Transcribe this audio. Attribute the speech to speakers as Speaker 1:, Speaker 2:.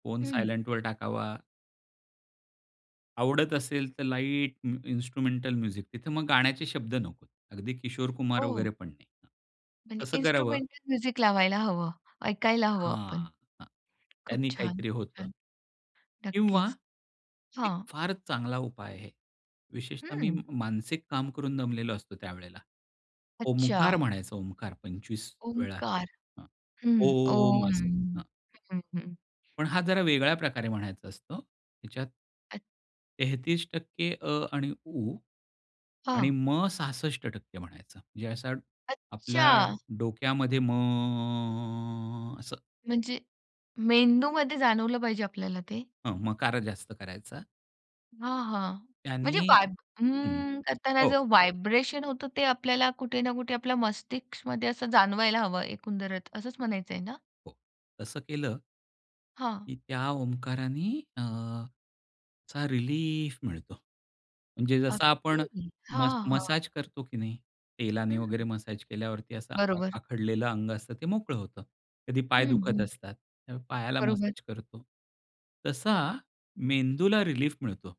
Speaker 1: Phone
Speaker 2: हं.
Speaker 1: सायलेंटवर टाकावा. आवडत असेल तर लाईट म इन्स्ट्रुमेंटल म्युझिक. तिथं मग गाण्याचे शब्द नकोत. अगदी किशोर कुमार
Speaker 2: ओह!
Speaker 1: वगैरे पण नाही. हं,
Speaker 2: म्हणजे
Speaker 1: तसं करावं.
Speaker 2: इन्स्ट्रुमेंटल म्युझिक लावायला हवं, ऐकायला हवं आपण.
Speaker 1: हां, हां.
Speaker 2: खूप
Speaker 1: त्यांनी
Speaker 2: छान,
Speaker 1: काहीतरी
Speaker 2: खूप
Speaker 1: होतं.
Speaker 2: छान!
Speaker 1: किंवा
Speaker 2: नक्कीच,
Speaker 1: एक
Speaker 2: हां.
Speaker 1: फारच चांगला उपाय आहे. विशेषतः मी म
Speaker 2: हम्म.
Speaker 1: मानसिक काम करून दमलेलो असतो त्यावेळेला. ओमकार
Speaker 2: अच्छा.
Speaker 1: म्हणायचं ओमकार 25 वेळा.
Speaker 2: ओंकार.
Speaker 1: हां.
Speaker 2: हं.
Speaker 1: ओम
Speaker 2: ओम
Speaker 1: असं. हां.
Speaker 2: हं, हं.
Speaker 1: पण हा जरा वेगळ्या प्रकारे म्हणायचा असंत. ह्याच्यात
Speaker 2: अच्छा.
Speaker 1: 33% अ आणि उ आणि
Speaker 2: हां.
Speaker 1: म 66% म्हणायचं. म्हणजे असं आपल्या
Speaker 2: अच्छा.
Speaker 1: डोक्यामध्ये म असं.
Speaker 2: म्हणजे मेंदूमध्ये जाणवलं पाहिजे आपल्याला ते?
Speaker 1: हं, मकार जास्त करायचा.
Speaker 2: हां, हां.
Speaker 1: त्यांनी
Speaker 2: म्हणजे वाईब
Speaker 1: हं,
Speaker 2: अं करताना
Speaker 1: हो.
Speaker 2: जो व्हायब्रेशन होतो ते आपल्याला कुठे ना कुठे आपल्या मस्तिष्कमध्ये असं जाणवायला हवं एकंदरच, असंच म्हणायचंय ना?
Speaker 1: हो, तसं केलं
Speaker 2: हां.
Speaker 1: की त्या ओंकारानी अ, असा रिलीफ मिळतो. म्हणजे जसं आपण
Speaker 2: अगदी,
Speaker 1: मस
Speaker 2: हां, हां.
Speaker 1: मसाज करतो की नाही. तेलाने वगैरे
Speaker 2: हं.
Speaker 1: मसाज केल्यावरती असं आ
Speaker 2: बरोबर.
Speaker 1: आखडलेलं अंग असतं ते मोकळं होतं. कधी पाय
Speaker 2: हं,
Speaker 1: दुखत
Speaker 2: हं.
Speaker 1: असतात, तेव्हा पायाला
Speaker 2: बरोबर.
Speaker 1: मसाज करतो. तसा मेंदूला रिलीफ मिळतो.